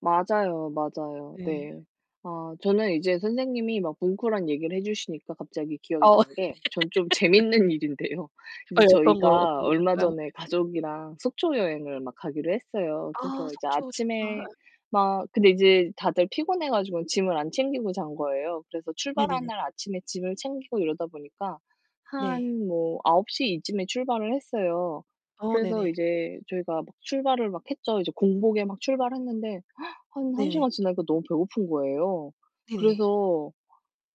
맞아요, 맞아요. 네. 네. 아 저는 이제 선생님이 막 뭉클한 얘기를 해 주시니까 갑자기 기억이 어. 난 게 전 좀 재밌는 일인데요 이제 아이 어떤 거요 저희가 어떤 얼마 거였나요? 예. 전에 가족이랑 속초 여행을 막 가기로 했어요. 아 그래서 이제 속초 아침에 좋다. 예. 막 근데 이제 다들 피곤해 가지고는 짐을 안 챙기고 잔 거예요. 그래서 출발하는 네네네. 날 아침에 짐을 챙기고 이러다 보니까 네. 한 뭐 9:00 이쯤에 출발을 했어요. 어 그래서 네네. 이제 저희가 막 출발을 막 했죠. 이제 공복에 막 출발했는데 한 1 네네. 시간 지나니까 너무 배고픈 거예요. 네네. 그래서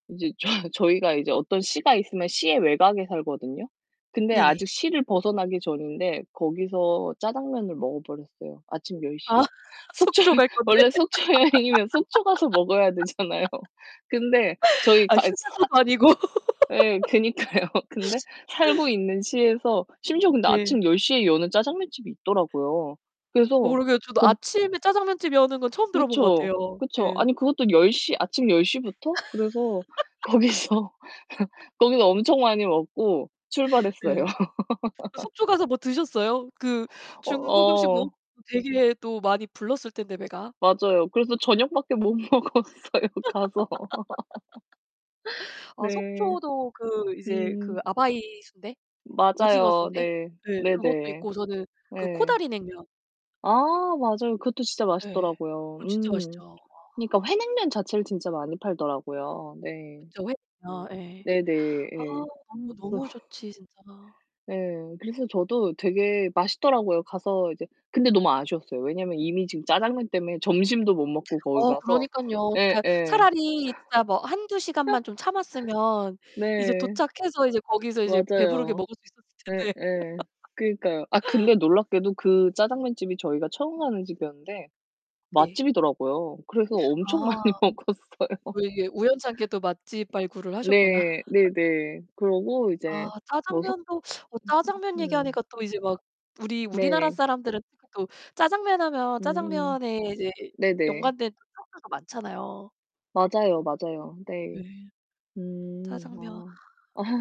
이제 저희 저희가 이제 어떤 시가 있으면 시의 외곽에 살거든요. 근데 네네. 아직 시를 벗어나기 전인데 거기서 짜장면을 먹어버렸어요 아침 10:00 아 에. 속초에 속초 갈 건데. 원래 속초 여행이면 속초 가서 먹어야 되잖아요. 근데 아 저희가 이 사 휴게소도 아니고. 예. 그니까요. 근데 살고 있는 시에서 심지어 근데 네. 아침 10:00 에 여는 짜장면 집이 있더라고요. 어 그래서 그러게요. 저도 거 아침에 짜장면집 여는 건 처음 들어본 것 그렇죠? 같아요. 그쵸? 예. 아니 그것도 10:00 아침 10:00 부터 그래서 거기서 거기서 엄청 많이 먹고 출발했어요. 예. 그 속초 가서 뭐 드셨어요? 그 어 중국음식 먹 어. 되게 또 많이 불렀을 텐데 배가. 맞아요. 그래서 저녁밖에 못 먹었어요 가서. 아 네. 속초도 그 이제 그 음. 아바이 순대? 오징어 맞아요. 순대? 네. 네. 그것도 네네. 있고 저는 그 예. 코다리 냉면 아 맞아요. 그것도 진짜 예. 맛있더라고요. 그거 진짜 맛있죠. 음. 와. 그러니까 회냉면 자체를 진짜 많이 팔더라고요. 네. 그쵸. 회냉면. 예. 네네. 아 예. 너무 그래서 너무 좋지 진짜. 네. 그래서 저도 되게 맛있더라고요 가서 이제 근데 너무 아쉬웠어요. 왜냐면 이미 지금 짜장면 때문에 점심도 못 먹고 거기 어 가서 그러니깐요. 어떻게 예예. 차라리 진짜 뭐 1-2 시간만 좀 참았으면 이제 네. 도착해서 이제 거기서 이제 배부르게 맞아요. 먹을 수 있었을 텐데. 예예. 그러니까요. 아 근데 놀랍게도 그 짜장면집이 저희가 처음 가는 집이었는데 네. 맛집이더라고요. 그래서 엄청 아. 많이 먹었어요. 또 이게 우연찮게 또 맛집 발굴을 하셨구나. 네. 네네. 그러고 이제 아. 뭐 숙 짜장면도 어 짜장면 음. 얘기하니까 또 이제 막 우리 우리나라 네. 사람들은 특히 또 짜장면 하면 음. 짜장면에 이제 네네. 연관된 [unintelligible] 들도 많잖아요. 맞아요, 맞아요. 예. 네. 음. 짜장면. 아.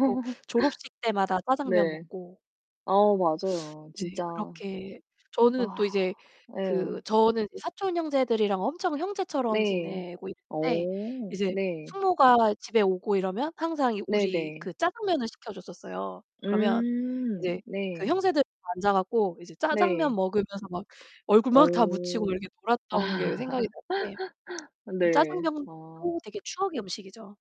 꼭 졸업식 때마다 짜장면 네. 먹고 아 맞아요 예. 진짜. 그렇게 저는 또 이제 그 예. 저는 사촌 형제들이랑 엄청 형제처럼 네. 지내고 있는데 어 이제 네. 숙모가 집에 오고 이러면 항상 이 우리 네네. 그 짜장면을 시켜줬었어요. 그러면 이제 음. 그 네. 형제들 다 앉아 갖고 이제 짜장면 네. 먹으면서 막 얼굴 막 다 묻히고 어. 이렇게 아. 놀았던 게 생각이 나는데 음 네. 짜장면도 아. 되게 추억의 음식이죠.